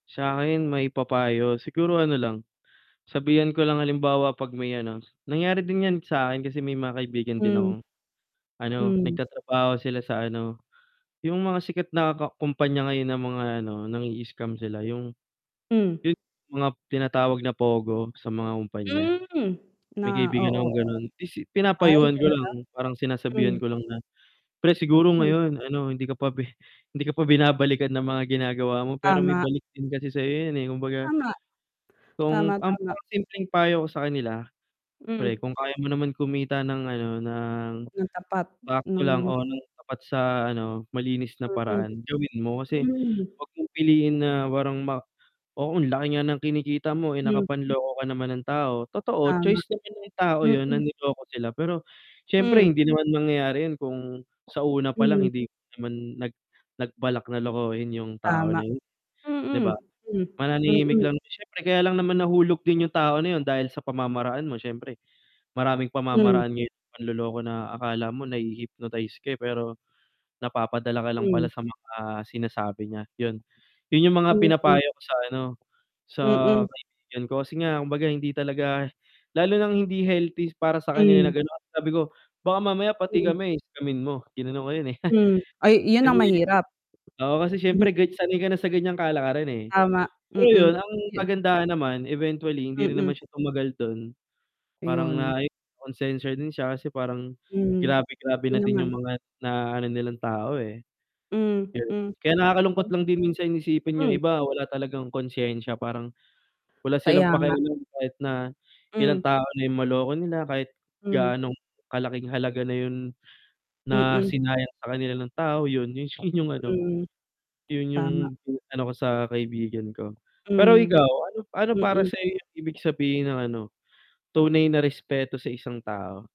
Sakin maipapayo, siguro ano lang, sabihan ko lang halimbawa 'pag may ano nangyari din 'yan sakin kasi may mga kaibigan din Mm. akong ano, Hmm. nagtatrabaho sila sa ano, yung mga sikat na ka kompanya ngayon ng mga ano, nang-ii-scam sila yung Hmm. [unintelligible] mga tinatawag na POGO sa mga kumpanya. Mm, na May oo, kaibigan akong oo. ganon, isi Ay, pinapayuhan ko talaga? lang, parang sinasabihan Mm. ko lang na, "Pre siguro Hmm. ngayon ano, hindi ka pa pe hindi ka pa binabalikan ng mga ginagawa mo pero may Tama. balik din kasi sayo 'yan, eh." Kumbaga Tama. kung Tama, ang tama. mga simpleng payo ko sa kanila, "Pre Mm. kung kaya mo naman kumita ng ano, ng Na tapat. sakto lang Mm. o ng tapat sa ano, malinis na Mm. paraan, gawin mo kasi Hmm. 'wag mong piliin na parang ma oo laki nga ng kinikita mo, eh, Hmm. nakapanloko ka naman ng tao." Totoo, Tama. choice naman ng tao 'yon na Mm. niloko sila pero, syempre Hmm. hindi naman mangyayari 'yun kung sa una palang Hmm. hindi naman nag nagbalak na lokohin yung tao Tama. na yun, 'di ba? Mm, hmm, Mananahimik mm. lang 'yon syempre kaya lang naman nahulog din yung tao na 'yun dahil sa pamamaraan mo syempre, maraming Hmm. pamamaraan ngayon ng panloloko na akala mo nahi-hypnotize ka, eh, pero napapadala ka lang pala Hmm. sa mga sinasabi niya, 'yon. Yun yung mga Mm. pinapayo ko sa ano, sa Mm. kaibigan ko, kasi nga kumbaga hindi talaga lalo nang hindi healthy para sa kanila Hmm. na ganun. Sabi ko, "Baka mamaya pati Hmm. kami scammin mo?" Ginanon ko yun, eh. Hmm. Ay, 'yun ang mahirap. [unintelligible] Oo, kasi syempre sanay ka na sa ganyang kalakaran, eh. Tama, Pero mm. 'yon ang [unintelligible] kagandahan naman eventually, hindi rin Mm. naman siya tumagal dun parang 'Yon. na ay konsensya din siya, kasi parang Hmm, grabe grabe hindi na din naman. yung mga naano nilang tao eh. Mm, 'Yun, Mm. kaya nakakalungkot [unintelligible] lang din minsan isipin yung Hmm. iba, wala talagang konsensya, parang wala silang Kaya nga. pakialam kahit na ilang Mm. tao na yung maloko nila, kahit Hmm. gaano kalaking halaga na yung na Mm. sinayang sa kanila nung tao 'yon, yung ano, Mm, 'yun yung tama. ano ko sa kaibigan ko. Pero Hmm. ikaw, ano ano para Mm. sayo yung ibig sabihin ng ano, tunay na respeto sa isang tao?